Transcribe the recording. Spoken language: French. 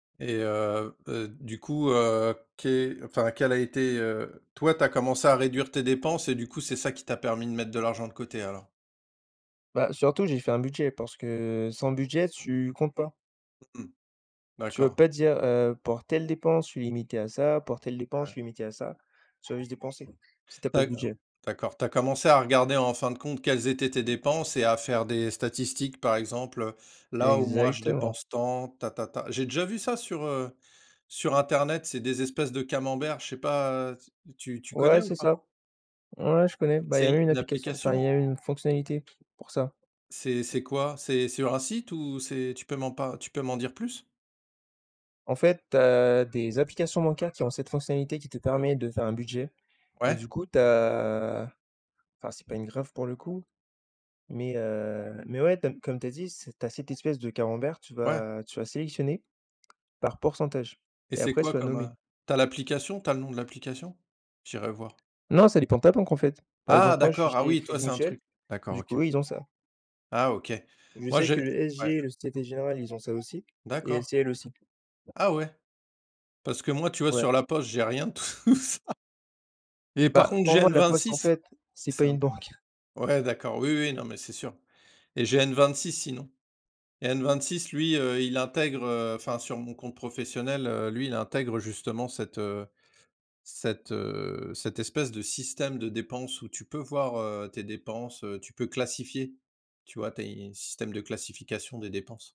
Et heu heu, du coup, heu, qué enfin, quel a été, heu toi, tu as commencé à réduire tes dépenses et du coup, c'est ça qui t'a permis de mettre de l'argent de côté, alors? Bah, surtout, j'ai fait un budget parce que sans budget, tu comptes pas. Mmh, Tu vas d'accord. pas dire, heu: «Pour telle dépense, je suis limité à ça pour telle dépense, je Ouais. suis limité à ça». Tu vas juste dépenser si tu as pas de D'accord budget. d'accord, tu as commencé à regarder, en fin de compte, quelles étaient tes dépenses et à faire des statistiques, par exemple: «là où moi je Exactement. dépense tant, tatata», j'ai déjà vu ça sur, heu, sur internet. C'est des espèces de camemberts, je sais pas, heu, tu tu Ouais, connais ou c'est pas? ça. Ouais, je connais. Bah, il y a même C'est une une application enfin, il application? y a une fonctionnalité pour ça. C'est c'est quoi, c'est c'est sur un site ou c'est tu peux m'en par tu peux m'en dire plus? En fait, tu as des applications bancaires qui ont cette fonctionnalité qui te permet de faire un budget. Et Ouais. du coup, tu as enfin, c'est pas une graphe, pour le coup, mais, heu, mais, ouais, tu as comme tu as dit, c'est tu as cette espèce de camembert, tu Ouais. vas tu vas sélectionner par pourcentage, Et et c'est après, quoi tu vas comme, heu nommer. tu as l'application, tu as le nom de l'application? J'irai voir. Non, ça dépend de ta banque, en fait. Par Ah exemple, moi, je suis d'accord, ah chez oui, toi, Crédit c'est un Mutuel, truc d'accord, du OK. coup, ils ont ça. Ah OK. Je Moi, sais que j'ai le ouais. SG, le Société Générale, ils ont ça aussi, et D'accord. LCL aussi. Ah ouais. Parce que moi, tu vois, Ouais. sur La Poste j'ai rien de tout ça. Par Bah, contre, pour j'ai moi, La Poste, en N26, fait, c'est c'est pas un une banque. peu ouais, d'accord. Oui oui, non mais, c'est sûr. Et j'ai N26 sinon. Et N26 lui, heu, il intègre, heu, enfin sur mon compte professionnel, heu, lui, il intègre justement cette, heu cette, heu cette espèce de système de dépenses où tu peux voir, heu, tes dépenses, heu, tu peux classifier, tu vois, tes systèmes de classification des dépenses.